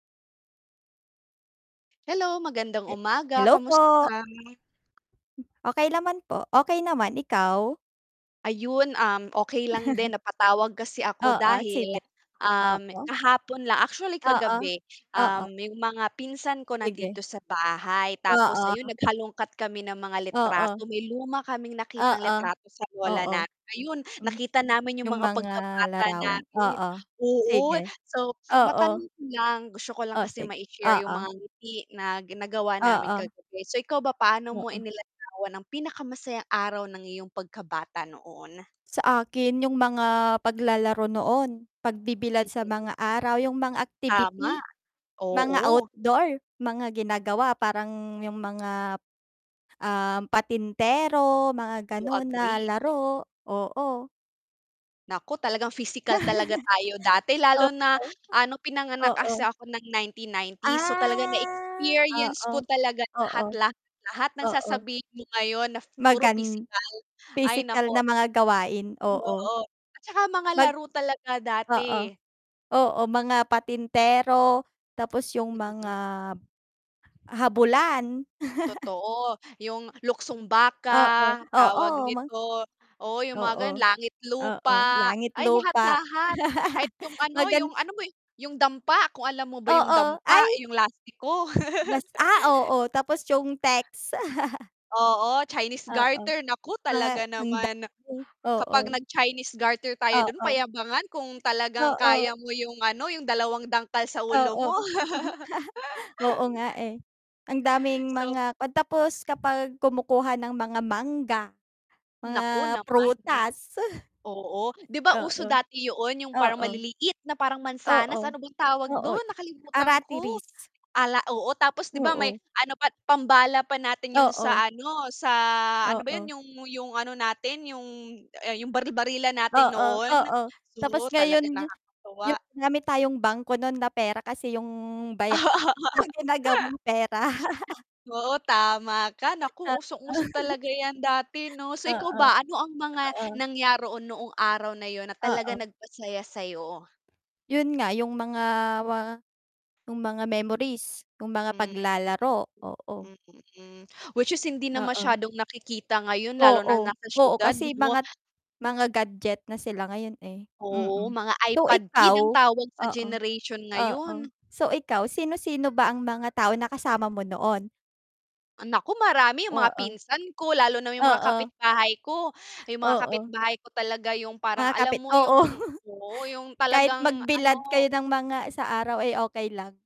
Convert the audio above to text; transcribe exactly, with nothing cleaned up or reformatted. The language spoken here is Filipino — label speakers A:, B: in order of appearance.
A: Hello. Magandang
B: He
A: umaga.
B: hello
A: Kamusta
B: po.
A: ka?
B: Hm okey naman po. Okey naman. Ikaw?
A: Ayun, um, okey lang din. Napatawag kasi ako
B: Oo,
A: dahil,
B: sige,
A: um,
B: oo.
A: kahapon lang actually
B: Oo,
A: kagabi,
B: oo.
A: um, 'yong mga pinsan ko nandito
B: Sige.
A: sa bahay. Tapos ayun
B: Oo.
A: naghalungkat kami ng mga
B: Oo.
A: litrato. May luma kaming nakitang
B: Oo.
A: litrato sa lola
B: Oo.
A: namin. Ayun
B: Hmm.
A: nakita namin 'yong
B: 'Yong
A: mga
B: mga
A: pagkabata
B: larawan.
A: namin.
B: Oo,
A: Oo,
B: sige.
A: so matanong
B: Oo.
A: ko lang gusto ko lang
B: Oh,
A: kasi
B: sige,
A: mai-share 'yong mga
B: oo.
A: ngiti na gin nagawa namin
B: Oo.
A: kagabi. So, ikaw ba? Paano mo
B: Oo.
A: inilarawan ang pinakamasayang araw ng iyong pagkabata noon?
B: Sa akin 'yong mga paglalaro noon, pagbibilad sa
A: Mm.
B: mga araw, 'yong mga
A: Tama,
B: activity, mga
A: oo.
B: outdoor, mga ginagawa parang 'yong mga, um, patintero, mga
A: To
B: gano'n na
A: agree.
B: laro, oo.
A: Nako, talagang physical talaga tayo dati.
B: Oo,
A: Lalo na, ah, no'ng pinanganak kasi
B: oo.
A: ako ng ninety nineties. So, talaga na
B: Ah,
A: experience
B: oo,
A: ko talaga lahat,
B: oo,
A: lahat, lahat ng
B: Oo.
A: sasabihin mo ngayon na puro
B: Magan
A: pisikal. Ay,
B: pisikal
A: naku.
B: na mga gawain, oo.
A: Oo. At .saka mga
B: Mag
A: laro talaga
B: oo,
A: dati.
B: oo, mga patintero, tapos 'yong mga
A: Mm.
B: habulan.
A: Totoo. 'Yong luksong
B: Oo,
A: baka, tawag
B: oo mag
A: nito oo, 'yong mga
B: oo,
A: gano'n. Langit
B: oo,
A: lupa.
B: langit
A: Ay lahat
B: lupa.
A: lahat kahit 'yong ano,
B: Magan
A: 'yong ano mo 'yong dampa, kung alam mo ba 'yong
B: Oo,
A: dampa,
B: ay
A: 'yong lastiko.
B: Mas ah, oo, tapos 'yong teks.
A: Oo. Chinese
B: Oo.
A: garter. Naku,
B: Mga
A: talaga
B: ang
A: naman.
B: dami, oo.
A: Kapag nag-Chinese garter tayo do'n,
B: Oo.
A: payabangan kung talagang
B: Oo.
A: kaya mo 'yong, ano, 'yong dalawang dangkal sa ulo
B: Oo.
A: mo.
B: Oo nga, eh. Ang daming
A: So.
B: mga 'pag tapos kapag kumukuha ng mga mangga,
A: Naku
B: mga
A: naman, ah.
B: prutas.
A: Oo, 'di ba uso
B: Oo.
A: dati 'yoon, 'yong parang
B: Oo.
A: maliliit na parang
B: Oo.
A: mansanas. Ano bang tawag
B: Oo,
A: do'n? Nakalimutan ko.
B: aratilis.
A: Ala oo, tapos, 'di ba may
B: Oo.
A: ano pa, pambala pa natin 'yon
B: Oo.
A: sa, ano, sa, ano ba 'yon
B: Oo.
A: 'yong 'yong ano natin 'yong ah, 'yong baril-barilan natin
B: Oo,
A: noon.
B: oo.
A: Oo,
B: Tapos ngayon
A: talaga
B: 'yo
A: nakakatuwa.
B: 'yong marami tayong bangko no'n na pera, kasi 'yong baya
A: Oo.
B: ginagawang pera.
A: Oo, tama ka. Naku, usong-uso
B: Oo.
A: talaga 'yan dati, 'no? So ikaw
B: Oo,
A: ba, ano ang mga
B: oo.
A: nangyaro o noong araw na 'yon, na talaga
B: Oo.
A: nagpasaya sa'yo?
B: 'Yon nga 'yong mga wa 'yong mga memories, 'yong mga paglalaro, oo.
A: Mm.Mm. Whi ch is hindi na
B: Oo.
A: masyadong nakikita ngayon, lalo na
B: Oo.
A: nasa
B: Oo,
A: siyudad,
B: kasi
A: 'no?
B: mga mga gadget na sila ngayon, eh,
A: Oo,
B: mm.
A: mga
B: So,
A: iPad kid
B: ikaw
A: ang tawag sa
B: oo,
A: generation
B: oo.
A: ngayon.
B: So, ikaw sino-sino ba ang mga tao na kasama mo noon?
A: Naku, marami 'yong
B: Oo,
A: mga pinsan ko, lalo na 'yong mga
B: oo.
A: kapitbahay ko. 'Yong mga
B: Oo.
A: kapitbahay ko talaga 'yong parang
B: Mga
A: alam
B: kapit
A: mo
B: oo,
A: 'yong oo, 'yong
B: kahit
A: talagang
B: magbilad kayo
A: ano
B: ng mga sa araw, ay okey lang.